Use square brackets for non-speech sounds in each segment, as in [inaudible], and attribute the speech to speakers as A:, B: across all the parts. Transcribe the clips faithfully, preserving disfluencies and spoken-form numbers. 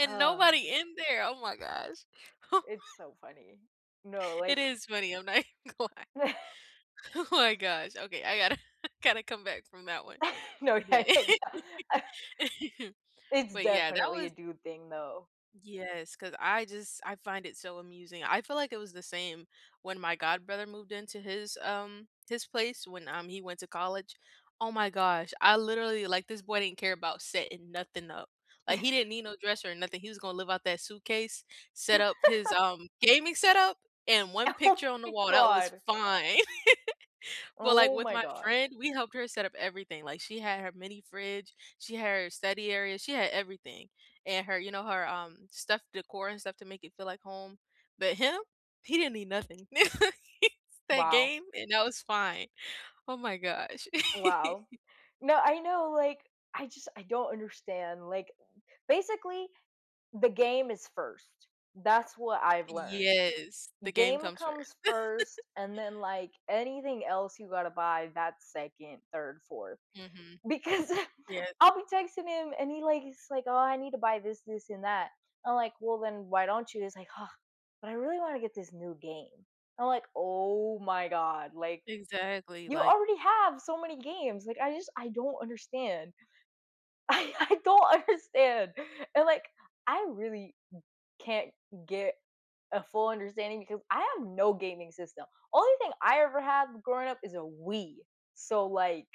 A: And,
B: Ugh
A: nobody in there, oh my gosh. [chuckles] What?
B: It's so funny. No,
A: It
B: like
A: is funny, I'm not even gonna lie. Oh my
B: [chuckles]
A: gosh. Okay, I gotta [chuckles] gotta come back from that one.
B: [chuckles] No, yeah,
A: But
B: yeah, yeah.
A: [chuckles]
B: [chuckles] It's
A: but, yeah, that
B: definitely a
A: was
B: dude thing, though.
A: Yes, 'cause I just I find it so amusing, I feel, like, it was the same when my god brother moved into his, um, his place when, um, he went to college. Oh my gosh, I literally like, this boy didn't care about setting nothing up. Like, he didn't
B: [chuckles]
A: need no dresser or nothing, he was gonna live out that suitcase, set up his,
B: [laughs]
A: um, gaming setup, and one
B: Oh
A: picture on the
B: my
A: wall, that was
B: god.
A: fine. [chuckles] But, like,
B: Oh
A: with
B: my
A: my
B: god.
A: friend, we helped her set up everything, like, she had her mini fridge, she had her study area, she had everything, and her, you know, her, um, stuff, decor and stuff to make it feel like home. But him, he didn't need nothing. [chuckles] That
B: Wow.
A: game, and that was fine. Oh my gosh.
B: Wow.
A: [chuckles]
B: No, I know, like, I just I don't understand, like, basically, the game is first. That's what I've learned.
A: Yes, the game
B: Game
A: comes first.
B: comes
A: [chuckles]
B: first, and then, like, anything else you gotta buy, that's second, third, fourth,
A: Mhm,
B: because
A: yeah.
B: I'll be texting him, and he like he's like, "Oh, I need to buy this, this, and that." I'm like, "Well, then, why don't you?" He's like, "Huh, but I really wanna get this new game." I'm like, "Oh my god, like,
A: Exactly,
B: you
A: like
B: already have so many games." Like, I just, I don't understand. I I don't understand. And, like, I really can't get a full understanding, because I have no gaming system; only thing I ever had growing up is a Wii. So, like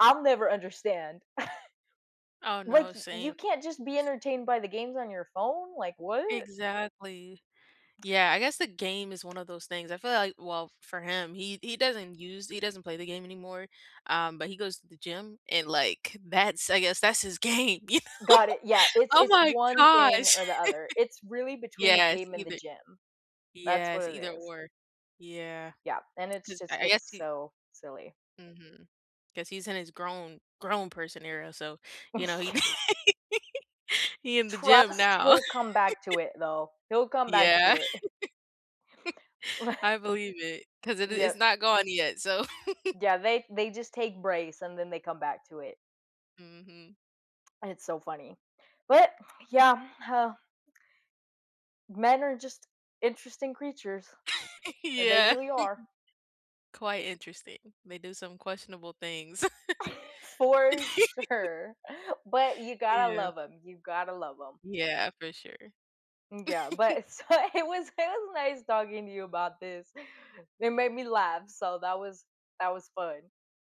B: I'll never understand. [chuckles]
A: Oh, no.
B: "Like, y you
A: Same.
B: can't just be
A: [chuckles]
B: entertained by the games on your phone?" Like, what?
A: Exactly. Yeah, I guess the game is one of those things, I feel, like, well, for him, he he doesn't use he doesn't play the game anymore. Um, but he goes to the gym and, like, that's, I guess, that's his game, you
B: Got it. yeah,
A: know?
B: it's
A: Oh
B: it's
A: my
B: one thing,
A: gosh.
B: or the other; it's really
A: [chuckles]
B: between the
A: Yes,
B: game and the
A: either
B: gym. That's what
A: yes,
B: it
A: either,
B: is.
A: or. Yeah.
B: Yeah, and it's
A: 'Cause
B: just
A: I I guess
B: it's
A: he
B: so silly.
A: Mhm. 'Cause he's in his grown grown person era, so, you know, he
B: Yeah.
A: [chuckles] he in the gym
B: Trust
A: now.
B: he'll come back to
A: [chuckles]
B: it, though. He'll come back
A: Yeah,
B: to it. [chuckles]
A: [chuckles]
B: [chuckles]
A: I believe it, 'cause it it's
B: Yep.
A: not gone yet, so [chuckles]
B: Yeah, they they just take breaks, and then they come back to it.
A: Mhm.
B: And it's so funny. But, yeah, huh Men are just interesting creatures.
A: [chuckles]
B: The They
A: Yeah.
B: really are.
A: [chuckles] Quite interesting. They do some questionable things.
B: [chuckles] For
A: [chuckles]
B: sure. But, you gotta
A: Yeah.
B: love 'em, you've gotta love 'em.
A: Yeah, for sure.
B: Mm, yeah,
A: [chuckles]
B: but it, so it was it was nice talking to you about this. It made me laugh, so that was that was fun.